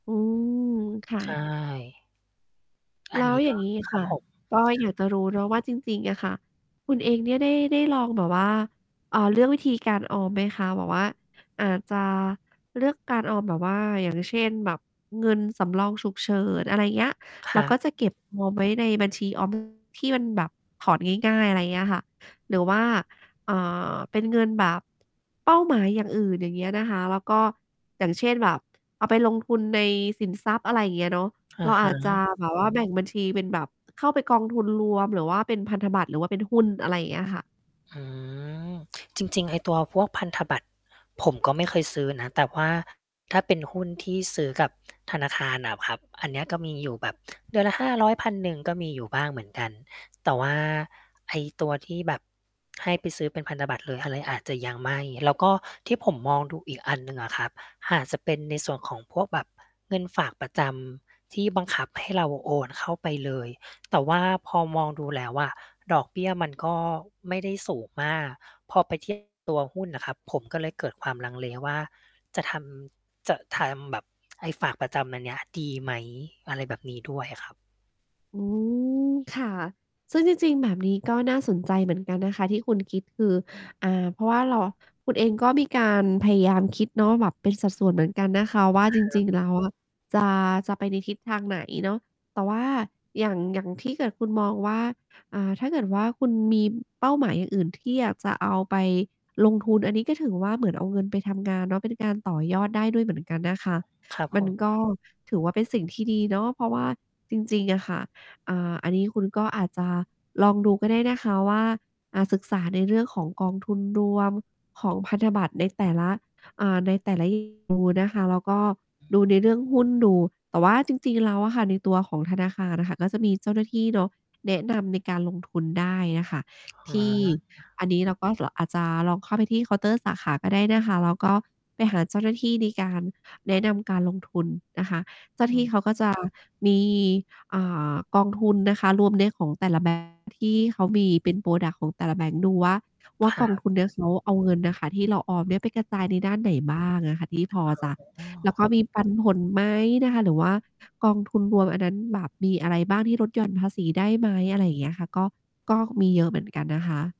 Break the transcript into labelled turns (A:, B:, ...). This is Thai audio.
A: อืม ค่ะ
B: ใช่ อ
A: แ
B: ั
A: ล
B: น
A: ้
B: น
A: ว
B: ี้
A: อย
B: ก
A: ่
B: ็
A: างงี้
B: ค
A: ค
B: รั
A: ่
B: บ
A: ะ
B: ผม
A: ก็อยากจะรู้เนาะว่าจริง ๆ อะค่ะ คุณเองเนี่ยได้ ได้ลองแบบว่า เออ เลือกวิธีการออมไหมคะ? แบบว่า อาจจะ เลือกการออมแบบว่า อย่างเช่น แบบเงินสำรองฉุกเฉิน อะไรอย่างเงี้ย
B: ค
A: เร
B: ร
A: า
B: ั
A: ก็
B: บ
A: จะเก็บ ออมไว้ในบัญชี ออม ที่มันแบบ ถอนง่าย ๆ อะไรอย่างเงี้ยค่ะ หรือว่า อ่า เป็นเงินแบบ เป้าหมายอย่างอื่น อย่างเงี้ยนะคะ แล้วก็ อย่างเช่นแบบ เอาไปลงทุนในสินทรัพย์ อะไรอย่างเงี้ยเนาะ
B: อ
A: เร
B: ะ
A: า
B: ฮ
A: อาจจะ
B: ะ
A: แบบว่า แบ่งบัญชีเป็นแบบ เข้าไปกองทุนรวม หรือว่าเป็นพันธบัตร หรือว่าเป็นหุ้น อะไรอย่างเงี้ยค่ะ
B: อืม จริง ๆ ไอ้ตัวพวกพันธบัตร ผมก็ไม่เคยซื้อนะ แต่ว่าถ้าเป็นหุ้นที่ซื้อกับธนาคารอะครับ อันเนี้ยก็มีอยู่แบบเดือนละ 500-1,000 ก็มีอยู่บ้างเหมือนกัน แต่ว่า ไอ้ตัวที่แบบให้ไปซื้อเป็นพันธบัตรเลย อะไร อาจจะยังไม่ แล้วก็ที่ผมมองดูอีกอันหนึ่งอะครับ อาจจะเป็นในส่วนของพวกแบบเงินฝากประจำที่บังคับให้เราโอนเข้าไปเลย แต่ว่าพอมองดูแล้วอะ ดอกเบี้ยมันก็ไม่ได้สูงมาก พอไป เทียบ กับตัวหุ้นน่ะครับ ผมก็เลยเกิดความลังเลว่า จะทำ จะทำแบบไอ้ฝากประจำอันเนี้ยดีไหม? อะไรแบบนี้ด้วยอะครับ
A: อืม ค่ะ ซึ่งจริง ๆ แบบนี้ ก็น่าสนใจเหมือนกันนะคะที่คุณ คิด คือ อ่า เพราะว่าเรา คุณเองก็มีการพยายามคิดเนาะ แบบเป็นสัดส่วนเหมือนกันนะคะว่า จ
B: คร
A: ร
B: ั
A: ิ
B: บ
A: ง ๆ แล้ว อะ จะ จะไปในทิศทางไหนเนาะ แต่ว่าอย่าง อย่าง ที่เกิดคุณมองว่า อ่า ถ้าเกิดว่าคุณมีเป้าหมายอย่างอื่น ที่อยากจะเอาไปลงทุน อันนี้ก็ถือว่าเหมือนเอาเงินไปทำงานเนาะ เป็นการต่อยอดได้ด้วยเหมือนกันนะคะ
B: ครับ
A: ม
B: ผ
A: ัน
B: ม
A: ก็ ถือว่าเป็นสิ่งที่ดีเนาะ เพราะว่าจริง ๆ อะค่ะ อ่า อันนี้คุณก็อาจจะลองดูก็ได้นะคะว่า อ่า ศึกษาในเรื่องของกองทุนรวม ของพันธบัตรในแต่ละ อ่า ใน แต่ละ นะคะ แล้วก็
B: อือ
A: ดู
B: ฮ
A: ใ
B: ึ
A: นเรื่องหุ้นดู แต่ว่าจริง ๆ แล้วอะค่ะ ในตัวของธนาคารอะค่ะ ก็จะมีเจ้าหน้าที่เนาะ แนะนำในการลงทุนได้อะค่ะ
B: อ๋
A: ที่
B: อ
A: อันนี้เราก็ ร อาจจะ ลองเข้าไปที่เคาน์เตอร์สาขาก็ได้นะคะ แล้วก็ ไปหาเจ้าหน้าที่ในการแนะนำการลงทุนนะคะ เจ้าหน้
B: อ
A: า
B: ื
A: ที่เขา
B: ม
A: ก็จะ มี อ่า กองทุนนะคะรวมเนี่ยของแต่ละ แบงก์ ที่เขามี เป็น พรอดักต์ ของแต่ละแบงก์ดูว่า ว่
B: ค
A: า
B: ร
A: ก
B: ั
A: อง
B: บ
A: ทุนเนี่ย เขาเอาเงินอะค่ะที่เราออมเนี่ย ไปกระจายในด้านไหนบ้างอะค่ะ ที่พอจะ
B: [unintelligible] อ๋อ
A: แล้วก็มีปันผลไหมนะคะ? หรือว่ากองทุนรวมอันนั้นแบบมีอะไรบ้างที่ลดหย่อน ภาษีได้ไหม? อะไรอย่างเงี้ยอะค่ะ ก็ ก็มีเยอะเหมือนกันนะคะ